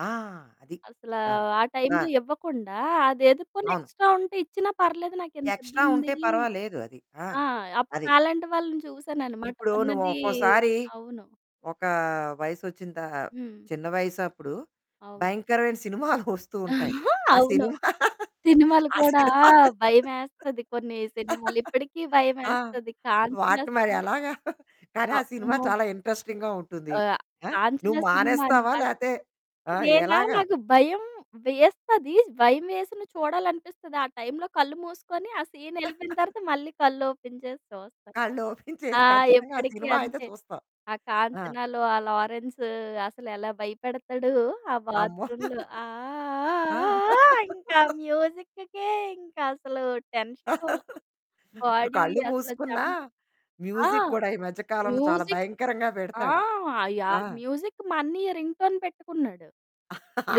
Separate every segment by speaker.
Speaker 1: ఆ! అది.
Speaker 2: అసల
Speaker 1: ఆ!
Speaker 2: ఆ
Speaker 1: ఆ!
Speaker 2: టైంలో ఇవ్వకుండా అది ఎదుక్కొని
Speaker 1: అవును.
Speaker 2: ఎక్స్‌ట్రా ఉంటే ఇచ్చినా పర్లేదు నాకింత
Speaker 1: ఎక్స్‌ట్రా ఉంటే
Speaker 2: ఇబ్బందీ
Speaker 1: పర్వాలేదు అది. ఆ!
Speaker 2: ఆ! అప్పుడు
Speaker 1: అది.
Speaker 2: నాలాంటి వాళ్ళని చూసాననమాట
Speaker 1: ఇప్పుడు నువ్వు
Speaker 2: ఉన్నదీ
Speaker 1: ఒక్కోసారి
Speaker 2: అవును.
Speaker 1: ఒక వయసొచ్చిన త
Speaker 2: హ్మ్.
Speaker 1: చిన్న వయసు అప్పుడు
Speaker 2: అవును.
Speaker 1: భయంకరమైన సినిమాలు వస్తూ ఉంటాయి.
Speaker 2: ఆ!
Speaker 1: ఆ
Speaker 2: అవును.
Speaker 1: సినిమా
Speaker 2: సినిమాలు
Speaker 1: ఆ
Speaker 2: కూడా ఆ!
Speaker 1: సినిమాలు
Speaker 2: భయమేస్తది కొన్ని సినిమాలు ఇప్పుడికి
Speaker 1: ఆ!
Speaker 2: భయమేస్తది 'కాంచన'
Speaker 1: వాటిని మరి
Speaker 2: సినిమ.
Speaker 1: ఎలాగా? కానీ ఆ సినిమా
Speaker 2: అమ్మో!
Speaker 1: చాలా ఇంట్రెస్టింగ్‌గా ఉంటుంది.
Speaker 2: ఆహ్,
Speaker 1: ఆ!
Speaker 2: కాంచన
Speaker 1: నువ్వు
Speaker 2: సినిమా
Speaker 1: మానేస్తావా
Speaker 2: అనమాట.
Speaker 1: లేతే ఆహ్,
Speaker 2: నేనా
Speaker 1: ఎలాగా?
Speaker 2: నాకు భయం వేస్తది, భయం వేసిన చూడాలనిపిస్తది. ఆ టైంలో కళ్ళు మూసుకొని ఆ సీనెళ్ళిపోయిన తరువాత మళ్ళీ కళ్ళు ఓపెన్ చేసి చూస్తాను.
Speaker 1: కళ్ళు ఓపెన్
Speaker 2: ఆ!
Speaker 1: చేసి ఖచ్చితంగా ఆ
Speaker 2: ఎప్పుడికి
Speaker 1: సినిమా అయితే
Speaker 2: అంతే.
Speaker 1: చూస్తావు.
Speaker 2: ఆ
Speaker 1: ఆ!
Speaker 2: 'కాంచనలో' ఆ 'లారెన్స్' అసలెలా భయపెడతాడు. ఆ
Speaker 1: అమ్మో.
Speaker 2: బాత్రూమ్‌లో ఆ ఆ
Speaker 1: ఆ!
Speaker 2: ఆ ఆ! ఇంక మ్యూజిక్‌కే ఇంకసలు టెన్షను.
Speaker 1: ఇప్పుడు
Speaker 2: బాడీ
Speaker 1: కళ్ళు
Speaker 2: అసలు
Speaker 1: మూసుకున్నా
Speaker 2: చెమట ఆ!
Speaker 1: మ్యూజిక్ కూడా ఈ మధ్య కాలంలో చాలా
Speaker 2: మ్యూజిక్
Speaker 1: భయంకరంగా
Speaker 2: ఆ!
Speaker 1: పెడతాడు. ఆ!
Speaker 2: యాహ్! మ్యూజిక్ మా అన్నయ్య రింగ్‌టోన్ పెట్టుకున్నాడు.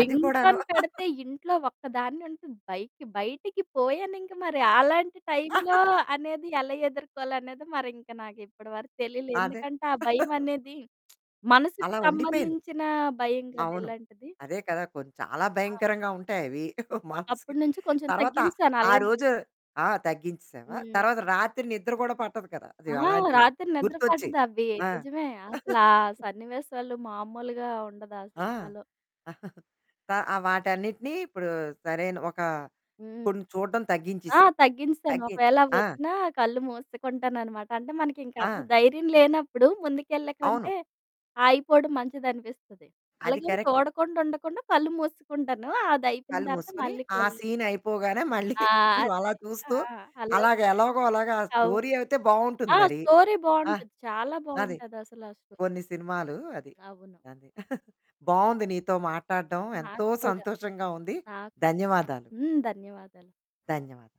Speaker 1: అది కూడాను.
Speaker 2: పెడితే ఇంట్లో ఒక్కదాన్నుంటను. బయటకి, బయటికి పోయానింక మరి అలాంటి టైంలో అనేది ఎలా ఎదుర్కోలనేది మరింక నాకు ఇప్పడి వరకు తెలియలే.
Speaker 1: అదే.
Speaker 2: ఎందుకంటే ఆ భయమనేది మనసుకు
Speaker 1: అలా ఉండిపోయింది.
Speaker 2: సంబంధించిన భయం కదా
Speaker 1: అవును.
Speaker 2: ఇలాంటిది.
Speaker 1: అదే కదా కొంచం చాలా
Speaker 2: ఆ!
Speaker 1: భయంకరంగా ఉంటాయి అవి మనసుకి,
Speaker 2: అప్పుడి నుంచి కొంచెం
Speaker 1: తరువాత
Speaker 2: తగ్గించేశాను.
Speaker 1: ఆ
Speaker 2: అలాంటి
Speaker 1: రోజు ఆ! తగ్గిచ్చిసావా
Speaker 2: హ్మ్.
Speaker 1: తర్వాత రాత్రి నిద్ర గూడా పట్టదు కదా! అది
Speaker 2: ఆ!
Speaker 1: అలాంటివి
Speaker 2: రాత్రి నిద్ర
Speaker 1: గుర్తొచ్చి.
Speaker 2: పట్టదు. అవ్వి
Speaker 1: ఆ!
Speaker 2: నిజమే అసలు, ఆ సన్నివేశాలు మామూలుగా ఉండదు ఆ
Speaker 1: ఆ!
Speaker 2: సినిమాలో.
Speaker 1: త ఆహ్, వాటన్నిటిని ఇప్పుడు సరైన ఒక
Speaker 2: హ్మ్.
Speaker 1: కొన్ని చూడడం
Speaker 2: ఆ!
Speaker 1: తగ్గించిసావు.
Speaker 2: తగ్గించేశాను.
Speaker 1: తగ్గి
Speaker 2: ఒకవేళ
Speaker 1: ఆ!
Speaker 2: అవ్వొచ్చినా కళ్ళు మూసేసుకుంటాననమాట. అంటే మనకింక అంత
Speaker 1: ఆ!
Speaker 2: ధైర్యం లేనప్పుడు
Speaker 1: అవును.
Speaker 2: ముందుకెళ్ళేకంటే ఆగిపోవడం మంచిదనిపిస్తది.
Speaker 1: అది
Speaker 2: అలాగే
Speaker 1: కరెక్ట్.
Speaker 2: చూడకుండా ఉండకుండా కళ్ళు మూసేసుకుంటాను అది అయిపోయిన
Speaker 1: కళ్ళు
Speaker 2: తరువాత
Speaker 1: మూసుకొని
Speaker 2: మళ్ళీ
Speaker 1: ఆ
Speaker 2: కళ్ళు
Speaker 1: సీన్ అయిపోగానే మళ్ళీ
Speaker 2: ఆ!
Speaker 1: కొంచెం
Speaker 2: అంతే.
Speaker 1: అలా
Speaker 2: ఆ!
Speaker 1: చూస్తూ
Speaker 2: అలా
Speaker 1: అలాగా ఎలాగోలాగా ఆ
Speaker 2: అవును.
Speaker 1: స్టోరీ అయితే బావుంటుంది
Speaker 2: ఆ!
Speaker 1: మరి.
Speaker 2: స్టోరీ
Speaker 1: ఆ!
Speaker 2: బావుంటది, చాలా
Speaker 1: అది.
Speaker 2: బావుంటది అసలు, ఆ స్టో
Speaker 1: కొన్ని సినిమాలు అది.
Speaker 2: అవును.
Speaker 1: కాని బావుంది నీతో మాట్లాడడం ఎంతో
Speaker 2: నాకు కూడా.
Speaker 1: సంతోషంగా ఉంది
Speaker 2: నాక్
Speaker 1: ధన్యవాదాలు.
Speaker 2: హ్మ్, ధన్యవాదాలు.
Speaker 1: ధన్యవాదాలు.